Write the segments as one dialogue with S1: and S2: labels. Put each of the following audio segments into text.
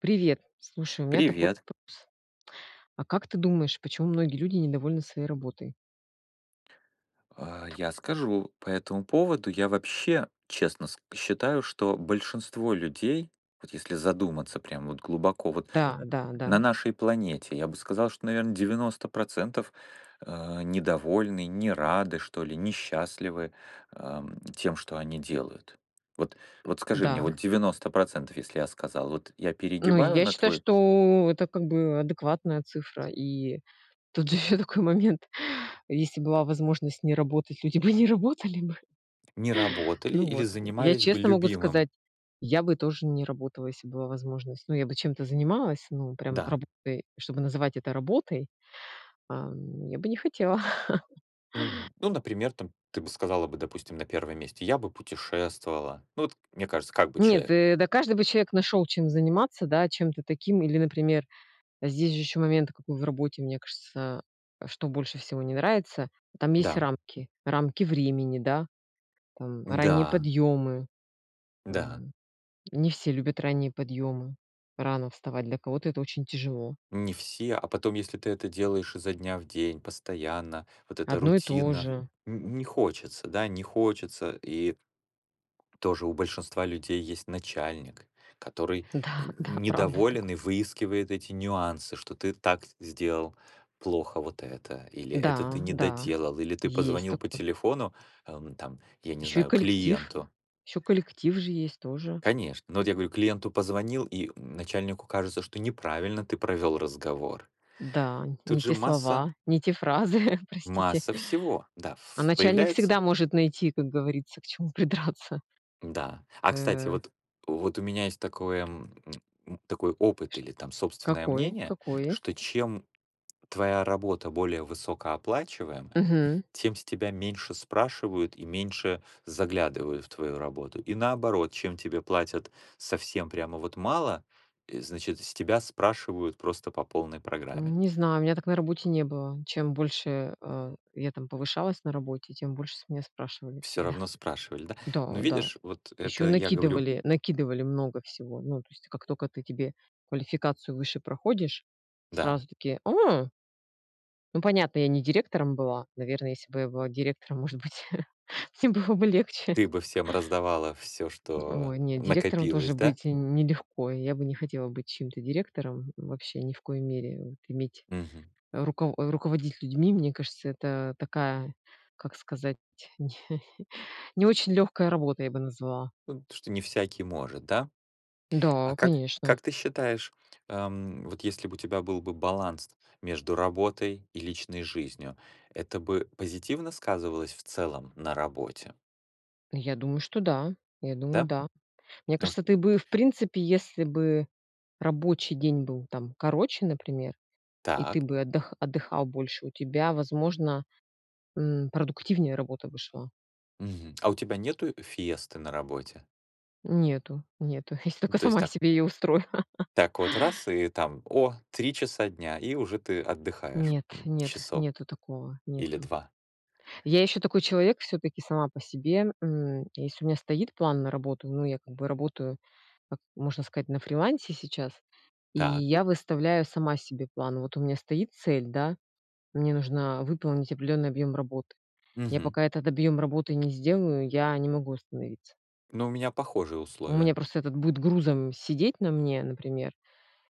S1: Привет. Слушай, у меня такой
S2: Привет.
S1: вопрос. А как ты думаешь, почему многие люди недовольны своей работой?
S2: А я скажу. По этому поводу я вообще, честно, ска считаю, что большинство людей, вот если задуматься прям вот глубоко, вот, м, на
S1: Да-да-да.
S2: нашей планете, я бы сказал, что, наверно, 90 %, э, недовольны, не рады, что ли, несчастливы, ам, тем, что они делают. Вот, вот скажи мне,
S1: Да.
S2: вот 90 %, если я сказал, вот я
S1: Ну
S2: перегибаю
S1: я
S2: на
S1: считаю,
S2: твой
S1: что это как бы адекватная цифра и тут же еще такой момент, если б была возможность не работать, люди бы не работали бы.
S2: Не работали
S1: Ну
S2: или
S1: вот, я я
S2: занимались бы
S1: честно могу
S2: любимым?
S1: сказать, я бы тоже не работала, если б была возможность. Ну я бы чем-то занималась, ну прям
S2: Да.
S1: работой, чтобы называть это работой. Ам, я бы не хотела.
S2: Мгм. Ну, например, там, ты бы сказала бы, допустим, на 1 месте: "Я бы путешествовала". Ну вот, мне кажется, как бы
S1: Нет,
S2: человек.
S1: э, да каждый бы человек нашел чем заниматься, да. Чем-то таким или, например, здесь же еще момент, какой в работе, мне кажется, э, что больше всего не нравится- там есть
S2: Да.
S1: рамки, рамки времени, да, там ранние
S2: Да.
S1: подъемы.
S2: Да.
S1: М, не все любят ранние подъемы, рано вставать, для кого-то это очень тяжело.
S2: Не все, а, потом, если ты это делаешь изо дня в день, постоянно, вот эта
S1: Одно и то
S2: рутина,
S1: же.
S2: н не хочется, да, не хочется. И тоже у большинства людей есть начальник, который, э,
S1: Да, да, правда такой.
S2: недоволен и выискивает эти нюансы, что ты так сделал плохо вот это, или это ты
S1: Да,
S2: не
S1: да,
S2: доделал, или ты
S1: есть
S2: позвонил по
S1: такое.
S2: телефону, э, там, я не
S1: Еще и
S2: знаю,
S1: коллектив,
S2: клиенту
S1: еще коллектив же есть тоже.
S2: Конечно. Ну вот я говорю: клиенту позвонил, и начальнику кажется, что неправильно ты провёл разговор.
S1: Да,
S2: Тут
S1: не
S2: же
S1: те
S2: масса
S1: слова, не те фразы, простите.
S2: масса всего, да,
S1: А
S2: ф
S1: начальник всегда
S2: появляется.
S1: может найти, как говорится, к чему придраться.
S2: Да. А, кстати,
S1: Э.
S2: вот, вот у меня есть такое, м, м, такой опыт
S1: Что
S2: или, там, собственное
S1: какое,
S2: мнение,
S1: какое?
S2: что чем твоя работа более высокооплачиваемая,
S1: Мгм.
S2: тем с тебя меньше спрашивают и меньше заглядывают в твою работу. И, наоборот, чем тебе платят совсем прямо вот мало, э, значит, с тебя спрашивают просто по полной программе.
S1: Не знаю, у меня так на работе не было. Чем больше, э, а, я там повышалась на работе, тем больше с меня спрашивали
S2: Всё
S1: всегда.
S2: равно спрашивали, да. Ну
S1: Да-да,
S2: видишь, вот
S1: еще
S2: это я говорю
S1: накидывали, накидывали много всего. Ну то есть как только ты тебе квалификацию выше проходишь,
S2: Да.
S1: сразу такие: "О!" Ну, понятно, я не директором была, наверно, если бы я была директором, может быть, всем было бы легче.
S2: Ты бы всем раздавала всё,
S1: Э,
S2: что
S1: ой, не, директором
S2: накопилось,
S1: тоже
S2: да?
S1: быть не нелегко. Я бы не хотела быть чьим-то директором, вообще ни в коей мере, вот иметь
S2: Мгм.
S1: руков руководить людьми, мне кажется, это такая, как сказать, не не очень легкая работа, я бы назвала.
S2: Вот что не всякий может, да?
S1: Да,
S2: А как,
S1: конечно!
S2: как ты считаешь, эм, вот если бы у тебя был бы баланс между работой и личной жизнью, это бы позитивно сказывалось в целом на работе?
S1: Я думаю, что да. Я думаю,
S2: Да?
S1: да. Мне
S2: Потому
S1: кажется
S2: что
S1: ты бы и в принципе, если бы рабочий день был там короче, например, и ты
S2: Так.
S1: бы отдых отдыхал больше, у тебя возможно, м, продуктивнее работа бы шла.
S2: Мгм. А у тебя нету фиесты на работе?
S1: Нету, нету, если только
S2: То есть
S1: сама
S2: так.
S1: себе ее устрою.
S2: Так вот раз, и, там, о, 3 часа дня, и уже ты отдыхаешь,
S1: Нет,
S2: м,
S1: нет,
S2: часок.
S1: нету такого,
S2: Или
S1: нету.
S2: 2.
S1: Я еще такой человек, всё-таки, сама по себе, м. Если у меня стоит план на работу, ну, я как бы работаю, как, можно сказать, на фрилансе сейчас и
S2: Так.
S1: я выставляю сама себе план. Вот у меня стоит цель, да, мне нужно выполнить определенный объем работы. Я
S2: Мгм.
S1: пока этот объем работы не сделаю, я не могу остановиться.
S2: Ну у меня похожие
S1: У
S2: условия.
S1: меня просто этот будет грузом сидеть на мне, например,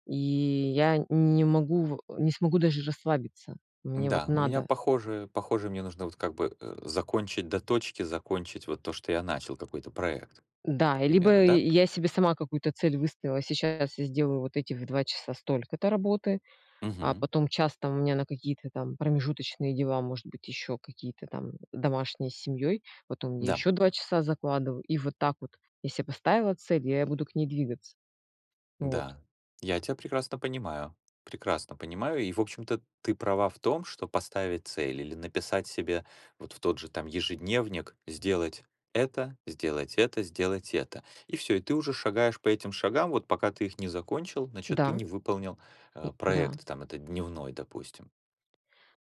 S1: и я н не могу в не смогу даже расслабиться. Мне вот
S2: Н-да, у меня
S1: надо.
S2: похожие похоже мне нужно вот как бы, э, закончить, до точки закончить вот то, что я начал, какой-то проект, к
S1: Да,
S2: примеру,
S1: либо
S2: да.
S1: и я себе сама какую-то цель выставила, сейчас я сделаю вот этих в 2 часа столько-то работы, а
S2: Мгм.
S1: потом час там у меня на какие-то, там, промежуточные дела, может быть, еще какие-то там домашние с семьей, потом я
S2: Да.
S1: еще 2 часа закладываю. И вот так вот, если я поставила цель, я буду к ней двигаться. Вот.
S2: Да. Я тя прекрасно понимаю, прекрасно понимаю. И в общем-то ты права в том, что поставить цель или написать себе вот в тот же, там, ежедневник: сделать это, сделать это, сделать это. И всё. И ты уже шагаешь по этим шагам, вот пока ты их не закончил, значит, ты
S1: Да.
S2: не выполнил,
S1: М,
S2: а,
S1: да.
S2: проект, там, этот дневной, допустим.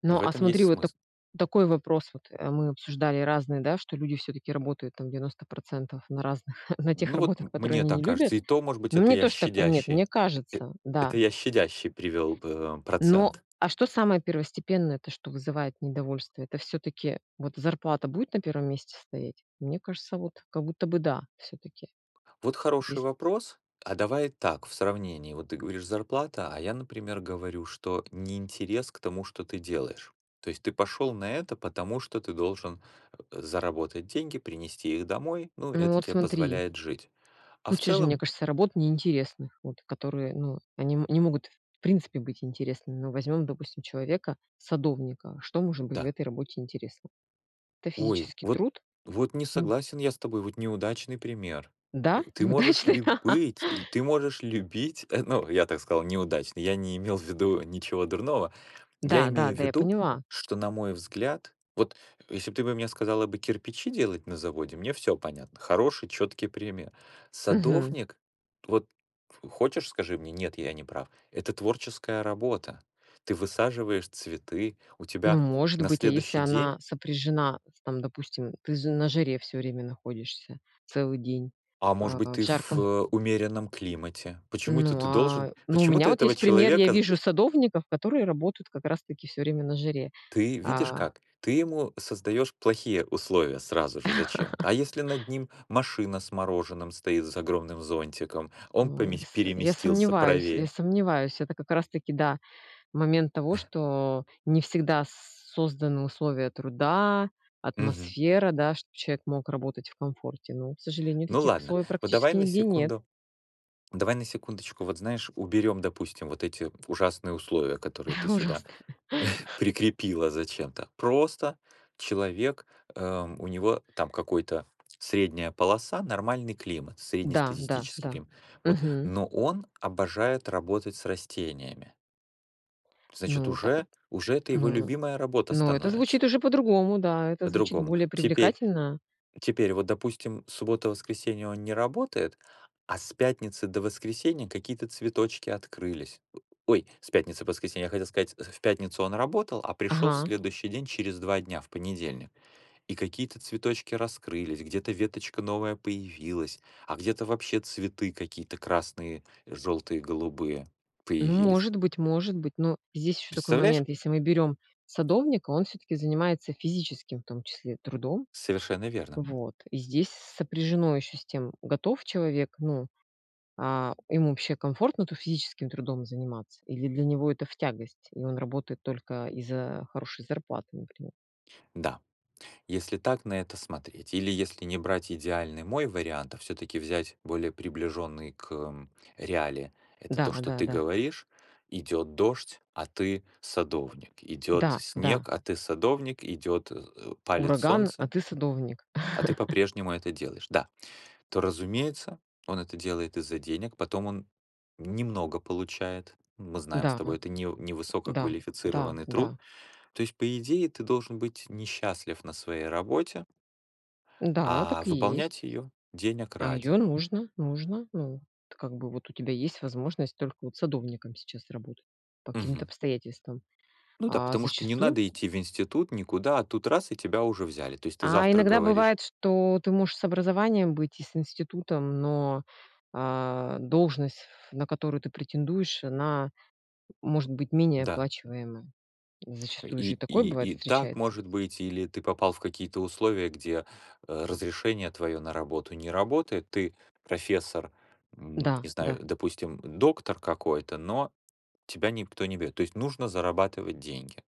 S1: Ну,
S2: В
S1: а
S2: этом есть
S1: смотри, вот так
S2: смысл.
S1: такой вопрос, вот, э, мы обсуждали разные, да, что люди всё-таки работают, там, 90 % на разных, на тех
S2: Ну, вот
S1: работах
S2: м
S1: которые
S2: мне
S1: они не
S2: так
S1: любят,
S2: кажется. И то, может быть,
S1: но
S2: это
S1: мне
S2: я
S1: тоже так. Нет,
S2: щадящий,
S1: мне
S2: э,
S1: кажется. Да.
S2: это я щадящий привёл б э,
S1: Но,
S2: процент.
S1: а что самое первостепенное, то, что вызывает недовольство- это всё-таки, вот зарплата будет на 1 месте стоять? Мне кажется, вот как будто бы, да, всё-таки.
S2: Вот хороший
S1: Ес
S2: вопрос. А давай так, в сравнении, вот ты говоришь, зарплата, а я, например, говорю, что неинтерес к тому, что ты делаешь. То есть ты пошёл на это, потому что ты должен, э, заработать деньги, принести их домой, ну и
S1: Ну
S2: это
S1: вот,
S2: тебе
S1: смотри.
S2: позволяет жить. А в
S1: Куча же, мне
S2: целом
S1: кажется, работ неинтересных, вот, которые, ну, они м не могут, в принципе, быть интересными. Но возьмем, допустим, человека, садовника, что может быть в
S2: Да.
S1: этой работе интересно? Это
S2: Ой,
S1: физический
S2: вот,
S1: труд?
S2: вот не
S1: М.
S2: согласен я с тобой, вот неудачный пример.
S1: Да,
S2: Э, ты можешь
S1: неудачный?
S2: ли быть и ты можешь любить, э, ну, я так сказал, неудачно, я не имел в виду ничего дурного. Я имею в
S1: Да-да-да, я
S2: виду,
S1: поняла.
S2: что, на мой взгляд, вот если бы ты бы мне сказала бы кирпичи делать на заводе, мне всё понятно. Хороший, чёткий пример.
S1: Мгм.
S2: Садовник, вот хочешь, скажи мне, нет, я не прав- это творческая работа. Ты высаживаешь цветы, у
S1: Ну,
S2: тебя
S1: может
S2: на
S1: быть, а если
S2: следующий
S1: она
S2: день
S1: сопряжена, там, допустим, ты з на жаре всё время находишься, целый день,
S2: А может
S1: а,
S2: быть,
S1: а, в
S2: ты в,
S1: жарком
S2: э, умеренном климате. Почему-то
S1: Ну,
S2: это ты должен
S1: а, ну, у меня
S2: почему-то
S1: вот
S2: этого
S1: есть пример, я
S2: человека
S1: вижу садовников, которые работают как раз таки всё время на жаре,
S2: Ты видишь
S1: а
S2: как? Ты ему создаёшь плохие условия сразу же зачем-то. А если над ним машина с мороженым стоит с огромным зонтиком, он
S1: Ой,
S2: помес
S1: с э, я
S2: переместился
S1: сомневаюсь, я
S2: правее?
S1: сомневаюсь, это как раз таки, да, момент того, что не всегда с созданы условия труда,
S2: Мгм.
S1: атмосфера, да, чтоб человек мог работать в комфорте. Но, к сожалению,
S2: Ну
S1: таких
S2: ладно.
S1: условий
S2: Вот давай
S1: практически
S2: на
S1: нигде нет.
S2: секунду, давай на секундочку, вот знаешь, уберём, допустим, вот эти ужасные условия, которые ты сюда,
S1: Ужасно.
S2: прикрепила зачем-то. Просто человек, эм, у него, там, какой-то средняя полоса, нормальный климат,
S1: Да, да,
S2: среднестатистический
S1: да.
S2: климат, вот,
S1: Мгм.
S2: но он обожает работать с растениями. Значит,
S1: Ну та
S2: уже, уже это его
S1: ну
S2: любимая работа
S1: ну, это
S2: становится.
S1: звучит уже по-другому, да, это звучит
S2: По-другому.
S1: более
S2: Теперь,
S1: привлекательно.
S2: теперь вот, допустим, суббота, воскресенье он не работает, а с пятницы до воскресенья какие-то цветочки открылись. О ой, с пятницы до воскресенья, я хотел сказать, э: в пятницу он работал, а пришёл в
S1: Ага.
S2: следующий день, через 2 дня, в понедельник, и какие-то цветочки раскрылись, где-то веточка новая появилась, а где-то вообще цветы какие-то красные, жёлтые, голубые
S1: Ну,
S2: появились.
S1: может быть, может быть, но здесь еще такой
S2: Представляешь?
S1: момент: если мы берем садовника, он всё-таки занимается физическим, в том числе, трудом.
S2: Совершенно верно!
S1: Вот. И здесь с сопряжено еще с тем, готов человек, ну а ему вообще комфортно-то физическим трудом заниматься или для него это в тягость и он работает только из-за хорошей зарплаты, например.
S2: Да. Если так на это смотреть или если не брать идеальный мой вариант, а всё-таки взять более приближённый к, м, реалии, это то, что ты
S1: Да-да-да.
S2: говоришь: идёт дождь, а ты- садовник, идёт
S1: Да, да.
S2: снег, а ты- садовник, идёт э, палит
S1: Ураган, а
S2: солнце
S1: ты садовник.
S2: а ты по-прежнему это делаешь. Да. То, разумеется, он это делает из-за денег, потом он немного получает, мы знаем с
S1: Да,
S2: тобой, это невы
S1: да, да,
S2: невысококвалифицированный труд.
S1: да.
S2: То есть, по идее, ты должен быть несчастлив на своей работе
S1: Да,
S2: а
S1: так и
S2: выполнять
S1: есть.
S2: её денег
S1: А ее
S2: ради.
S1: нужно, нужно. Ну, вот, как бы, вот, у тебя есть возможность только вот садовником сейчас работать, по каким-то
S2: Мгм.
S1: обстоятельствам.
S2: Ну да,
S1: А,
S2: потому что не
S1: зачастую
S2: надо идти в институт, никуда, а тут раз и тебя уже взяли. То есть ты
S1: А
S2: завтра
S1: иногда
S2: говоришь
S1: бывает, что ты можешь с образованием быть и с институтом, но, а, должность, ф на которую ты претендуешь, она может быть менее
S2: Да.
S1: оплачиваемая. Зачастую же и
S2: И
S1: такое
S2: и
S1: бывает
S2: и так
S1: встречается.
S2: может быть или ты попал в какие-то условия, где, э, разрешение твоё на работу не работает, ты профессор, м,
S1: Да,
S2: не
S1: да.
S2: знаю, допустим, доктор какой-то, но тебя никто не берёт. То есть нужно зарабатывать деньги.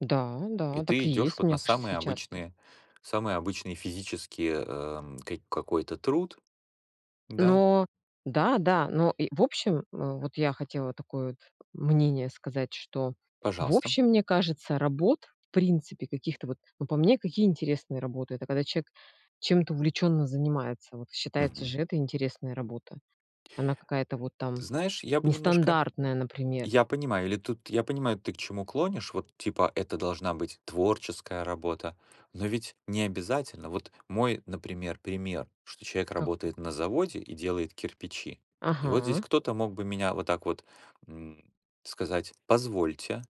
S1: Да,
S2: И
S1: да, так
S2: ты
S1: и
S2: идёшь
S1: есть,
S2: вот
S1: мне
S2: на
S1: кажется,
S2: самые
S1: сейчас.
S2: обычные, самые обычные физические, эм, ки какой-то труд, да.
S1: Но, да, да, но и, в общем, м, вот я хотела такое вот мнение сказать, что: в
S2: Пожалуйста.
S1: общем, мне кажется, работ, в принципе, каких-то вот, ну, по мне, какие интересные работы- это когда человек чем-то увлеченно занимается, вот считается
S2: Мгм.
S1: же- это интересная работа, она какая-то вот, там,
S2: Знаешь, я бы немножко
S1: нестандартная, например.
S2: Я понимаю, или тут Я понимаю, ты к чему клонишь, вот, типа, это должна быть творческая работа, но ведь не обязательно. Вот мой, например, пример, что человек
S1: Как?
S2: работает на заводе и делает кирпичи. И вот здесь
S1: Ага.
S2: кто-то мог бы меня вот так вот, м, сказать: "Позвольте,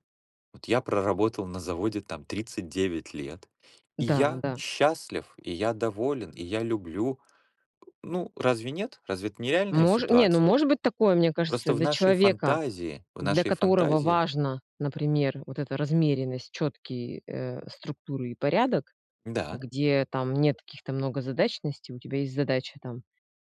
S2: вот я проработал на заводе, там, 39 лет, и
S1: Да,
S2: я
S1: да.
S2: счастлив, и я доволен, и я люблю". Э, ну, разве нет? Разве это нереальная
S1: Мож не, ну,
S2: ситуация?
S1: может быть такое, мне кажется,
S2: Просто в
S1: для
S2: нашей
S1: человека,
S2: фантазии, в
S1: для
S2: нашей
S1: которого
S2: фантазии
S1: важно, например, вот эта размеренность, четкие, э, структуры и порядок,
S2: Н-да.
S1: где там нет каких-то многозадачностей, у тебя есть задача, там,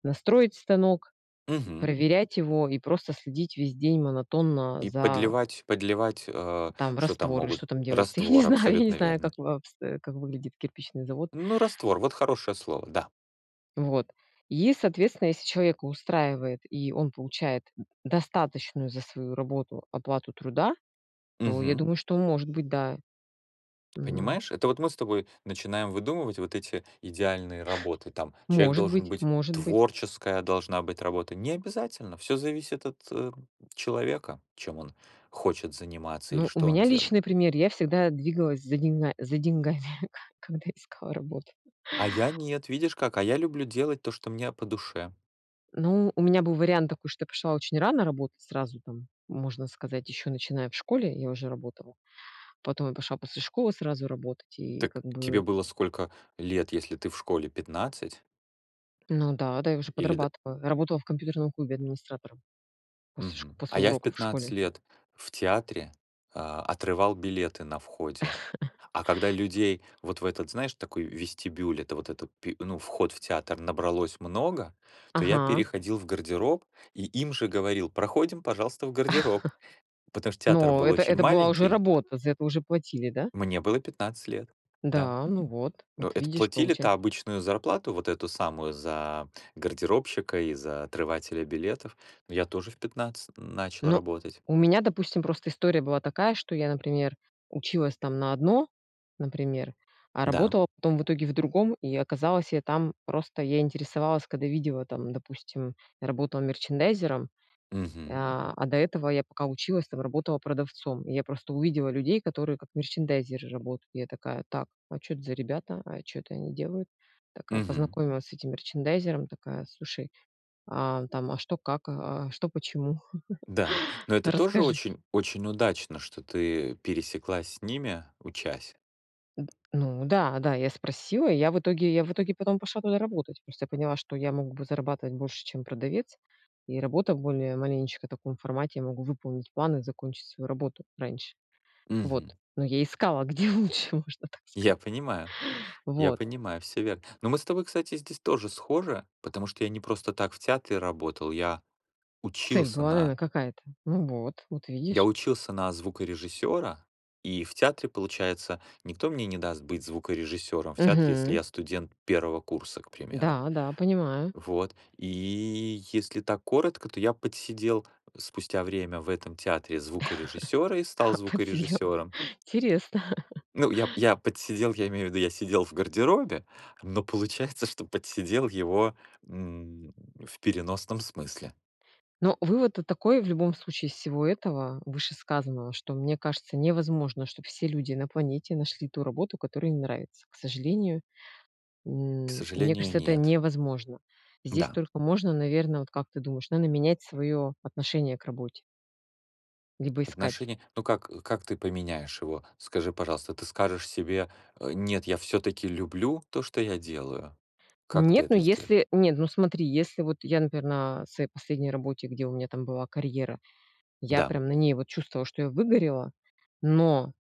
S1: настроить станок,
S2: Мгм.
S1: проверять его и просто следить весь день монотонно
S2: И
S1: за
S2: подливать, подливать, а,
S1: там
S2: что там
S1: раствор или
S2: могут?
S1: что там делается, я не
S2: Раствор,
S1: знаю, я не
S2: абсолютно
S1: знаю,
S2: верно.
S1: как в обст э, как выглядит кирпичный завод.
S2: Ну, раствор вот хорошее слово, да.
S1: Вот. И, соответственно, если человека устраивает и он получает д достаточную за свою работу оплату труда, то, я
S2: Мгм.
S1: думаю, что он может быть, да. М.
S2: Понимаешь, это вот мы с тобой начинаем выдумывать вот эти идеальные работы, там, человек
S1: Может
S2: должен
S1: быть,
S2: быть
S1: может быть.
S2: творческая должна быть работа. Не обязательно. Всё зависит от, э, человека, чем он хочет заниматься или
S1: Ну, у
S2: что он
S1: меня
S2: делает.
S1: личный пример- я всегда двигалась за деньга за деньгами, ко когда искала работу.
S2: А я нет, видишь как, а я люблю делать то, что мне по душе.
S1: Ну, у меня был вариант такой, что я пошла очень рано работать, сразу там, можно сказать, еще начиная в школе, я уже работала. Потом я пошла после школы сразу работать и
S2: Так
S1: как
S2: тебе
S1: бы.
S2: было сколько лет, если ты в школе, 15?
S1: Ну да, да, я уже
S2: Или да
S1: подрабатывала. Работала в компьютерном клубе администратором, после шк
S2: Мгм. А
S1: после
S2: я в
S1: уроков в
S2: 15
S1: школе.
S2: лет в театре, а, отрывал билеты на входе. А когда людей вот в этот, знаешь, такой в вестибюль, это вот этот пю ну, вход в театр, набралось много, то я
S1: Ага.
S2: переходил в гардероб и им же говорил: "Проходим, пожалуйста, в гардероб". Потому что театр
S1: Но
S2: был
S1: это
S2: очень
S1: это была уже
S2: маленький.
S1: работа, за это уже платили, да?
S2: Мне было 15 лет, да.
S1: Да, ну вот
S2: Ну,
S1: вот,
S2: это
S1: видишь, получа
S2: платили-то обычную зарплату, вот эту самую за гардеробщика и за отрывателя билетов. Но я тоже в 15 н начал
S1: Ну.
S2: работать.
S1: У меня допустим просто история была такая, что я, например, училась там на одно, например, а
S2: Да.
S1: работала потом в итоге в другом. И, оказалось, я там просто, я интересовалась, когда видела, там, допустим, я работала мерчандайзером,
S2: Мгм.
S1: а, а до этого я пока училась, там, работала продавцом. И я просто увидела людей, которые как мерчандайзеры работают. Я такая: "Так, а чё это за ребята? А чё это они делают?" Так, а,
S2: Мгм.
S1: познакомилась с этим мерчандайзером такая: "Слушай, а, там, а, что как, а? А что почему?
S2: Да. Но это тоже
S1: Расскажи".
S2: очень, очень удачно, что ты пересеклась с ними, учась.
S1: Н д Ну да, да, я спросила и я в итоге, я в итоге потом пошла туда работать. Просто я поняла, что я мог бы зарабатывать больше, чем продавец, и работа в более маленечко таком формате. Я могу выполнить план и закончить свою работу раньше.
S2: Мгм.
S1: Вот. Но я искала где лучше, можно так
S2: Я
S1: сказать.
S2: понимаю. Я
S1: Вот.
S2: понимаю, всё верно. Но мы с тобой, кстати, здесь тоже схожи, потому что я не просто так в театре работал, я
S1: Цель
S2: учился
S1: была, наверно,
S2: на
S1: какая-то. Ну вот, вот
S2: я
S1: видишь!
S2: учился на звукорежиссёра, и в театре, получается, никто мне не даст быть звукорежиссёром в театре, если
S1: Мгм.
S2: я студент 1 курса, к примеру.
S1: Да-да, понимаю.
S2: Вот. И если так коротко, то я подсидел, спустя время в этом театре, звукорежиссёра и стал
S1: Подсидел.
S2: звукорежиссёром.
S1: Интересно.
S2: Ну, я я подсидел, я имею в виду, я сидел в гардеробе, но получается, что подсидел его, м, в переносном смысле.
S1: Ну, вывод тут такой в любом случае, из всего этого, вышесказанного, что: мне кажется, невозможно, чтоб все люди на планете нашли ту работу, которая им нравится. К сожалению,
S2: К
S1: м, мне
S2: сожалению,
S1: кажется, это
S2: нет.
S1: невозможно. Здесь
S2: Да.
S1: только можно, наверно, вот, как ты думаешь, надо менять свое отношение к работе. Либо искать.
S2: Отношение Ну как, э, как ты поменяешь его? Скажи, пожалуйста, ты скажешь себе, э: "Нет, я всё-таки люблю то, что я делаю"? Как ты
S1: Нет, ну
S2: это сдела
S1: если нет, ну смотри, если вот я, например, на своей последней работе, где у меня там была карьера, я
S2: Да.
S1: прям на ней вот чувствовала, что я выгорела, но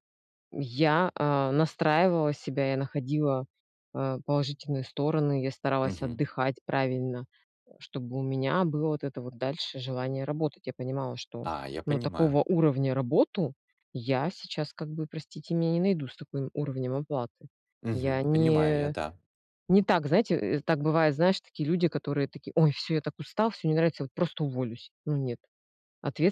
S1: я, а, настраивала себя, я находила, э, положительные стороны, я старалась
S2: Мгм.
S1: отдыхать правильно, э, чтобы у меня было вот это вот дальше желание работать. Я понимала, что,
S2: А, я
S1: ну,
S2: понимаю.
S1: такого уровня работу я сейчас, как бы, простите меня, не найду с таким уровнем оплаты.
S2: Мгм,
S1: Я
S2: понимаю я,
S1: не
S2: да.
S1: не так, знаете, э, так бывает, знаешь, такие люди, которые такие: "Ой, всё, я так устал, всё не нравится, вот просто уволюсь". Ну нет.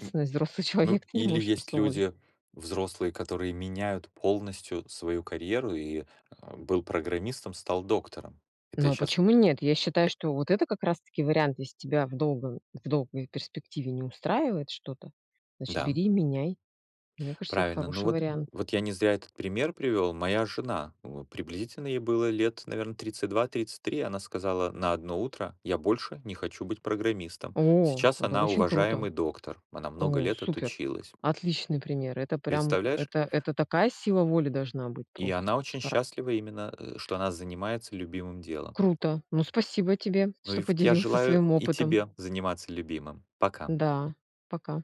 S2: М.
S1: взрослый человек-
S2: Ну,
S1: ты не
S2: или
S1: можешь
S2: есть
S1: просто уволить
S2: люди взрослые, которые меняют полностью свою карьеру и, ам, был программистом- стал доктором. Это я
S1: Ну а
S2: щас
S1: почему нет? Я считаю, что вот это как раз таки вариант. Если тебя в долгую в долгой перспективе не устраивает что-то, значит,
S2: Да.
S1: бери и меняй. Мне кажется, это
S2: Правильно. Ну
S1: хороший
S2: вот,
S1: вариант.
S2: вот я не зря этот пример привёл. Моя жена, в приблизительно ей было лет, наверно, 32, 33 - она сказала на одно утро: "Я больше не хочу быть программистом".
S1: О,
S2: Сейчас
S1: это
S2: она
S1: очень круто!
S2: уважаемый доктор, она много
S1: О,
S2: лет
S1: супер!
S2: отучилась.
S1: Отличный пример! Это прям,
S2: Представляешь?
S1: это это такая сила воли должна быть
S2: И
S1: просто,
S2: она
S1: с
S2: очень
S1: хара
S2: счастлива именно, э, что она занимается любимым делом.
S1: Круто. Ну, спасибо тебе,
S2: Ну и
S1: что
S2: вот, я
S1: поделился
S2: желаю
S1: своим
S2: и
S1: опытом.
S2: тебе заниматься любимым. Пока.
S1: Да, пока.